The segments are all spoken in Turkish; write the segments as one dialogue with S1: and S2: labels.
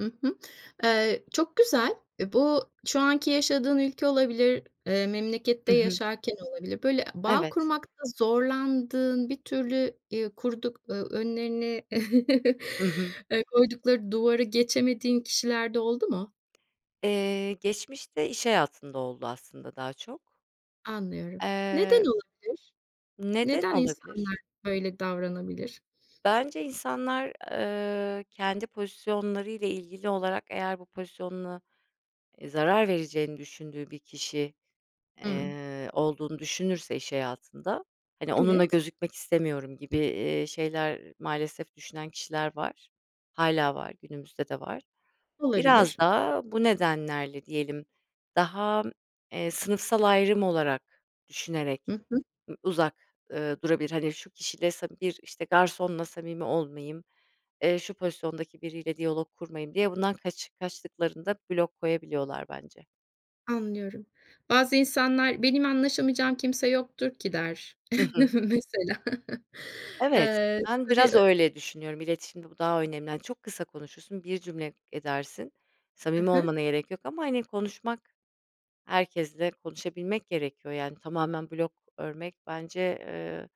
S1: Hı hı. Eee, çok güzel. Bu, şu anki yaşadığın ülke olabilir, eee, memlekette
S2: Hı hı.
S1: yaşarken olabilir. Böyle, bağ
S2: Evet.
S1: kurmakta zorlandığın, bir türlü, eee, kurduk, eee, önlerine,
S2: Hı hı.
S1: eee, koydukları duvarı geçemediğin kişiler de oldu mu?
S2: Eee, geçmişte, iş hayatında oldu aslında daha çok.
S1: Anlıyorum. Neden
S2: Eee
S1: olabilir?
S2: Neden
S1: Neden
S2: olabilir?
S1: insanlar böyle davranabilir?
S2: Bence insanlar, eee, kendi pozisyonları ile ilgili olarak, eğer bu pozisyonuna, e, zarar vereceğini düşündüğü bir kişi,
S1: Hımm.
S2: eee, olduğunu düşünürse iş hayatında, hani, onunla
S1: Evet.
S2: gözükmek istemiyorum gibi, eee, şeyler, maalesef düşünen kişiler var. Hâlâ var, günümüzde de var.
S1: Olabilir.
S2: Biraz da, bu nedenlerle diyelim, daha, eee, sınıfsal ayrım olarak
S1: Hı
S2: düşünerek
S1: hı.
S2: ı uzak, ııı, durabilir. Hani, şu kişiyle sam bir, işte, garsonla samimi olmayayım, eee, şu pozisyondaki biriyle diyalog kurmayayım, diye bundan kaç kaçtıklarında, blok koyabiliyorlar bence.
S1: Anlıyorum. Bazı insanlar "Benim anlaşamayacağım kimse yoktur ki." der
S2: Hı hı.
S1: mesela.
S2: Evet.
S1: Eee,
S2: Ben,
S1: tabii,
S2: biraz
S1: ö
S2: öyle düşünüyorum, iletişimde bu daha önemli, hani, çok kısa konuşursun, bir cümle edersin,
S1: He
S2: samimi
S1: he.
S2: olmana gerek yok ama hani konuşmak, herkesle konuşabilmek gerekiyor, yani tamamen blog örmek bence, eee,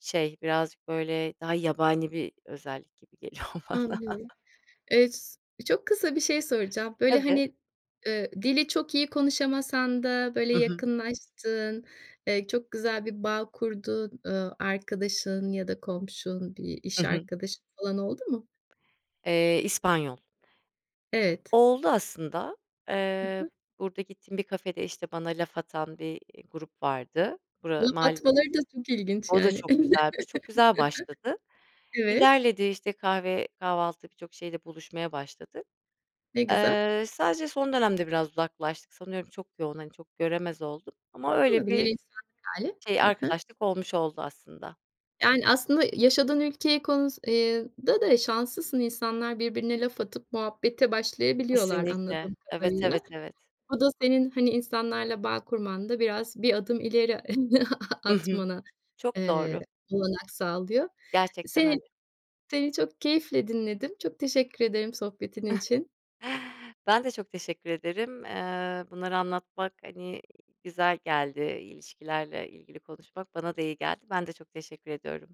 S2: şey, birazcık böyle, daha yabani bir özellik gibi geliyor bana.
S1: Anlıyorum. Eee, s çok kısa bir şey soracağım. Böyle,
S2: Tabii
S1: hani, eee, dili çok iyi konuşamasan da böyle
S2: Hı hı.
S1: yakınlaştığın, eee, çok güzel bir bağ kurduğun, eee, arkadaşın ya da komşun, bir
S2: Hı
S1: iş
S2: hı.
S1: arkadaşın falan, oldu mu?
S2: Eee, İspanyol.
S1: Evet.
S2: Oldu aslında.
S1: Hı
S2: Eee,
S1: hı.
S2: burada gittiğim bir kafede, işte bana laf atan bir, eee, grup vardı. Bura
S1: Laf
S2: mahal
S1: atmaları da çok ilginç
S2: o da
S1: yani.
S2: çok güzelmiş, çok güzel başladı.
S1: Evet.
S2: İlerledi, işte kahve, kahvaltı birçok şeyle buluşmaya başladık.
S1: Ne güzel.
S2: Eee, sadece son dönemde, biraz uzaklaştık, sanıyorum çok yoğun, hani, çok göremez olduk, ama öyle
S1: Olabilir,
S2: bir
S1: insanlık hâli.
S2: şey,
S1: Hı hı.
S2: arkadaşlık olmuş oldu aslında.
S1: Yani, aslında yaşadığın ülkeye, konus eee, da da şanslısın. İnsanlar, birbirine laf atıp muhabbete başlayabiliyorlar
S2: Kesinlikle.
S1: anladığım
S2: Evet,
S1: kadarıyla.
S2: evet, evet.
S1: O da, senin, hani, insanlarla bağ kurmanda, biraz, bir adım ileri
S2: I hı.
S1: atmana
S2: Çok
S1: eee,
S2: doğru.
S1: olanak sağlıyor.
S2: Gerçekten
S1: Seni
S2: öyle.
S1: seni çok keyifle dinledim. Çok teşekkür ederim sohbetin için.
S2: Ben de çok teşekkür ederim, eee, bunları anlatmak, hani, güzel geldi, ilişkilerle ilgili konuşmak, bana da iyi geldi. Ben de çok teşekkür ediyorum.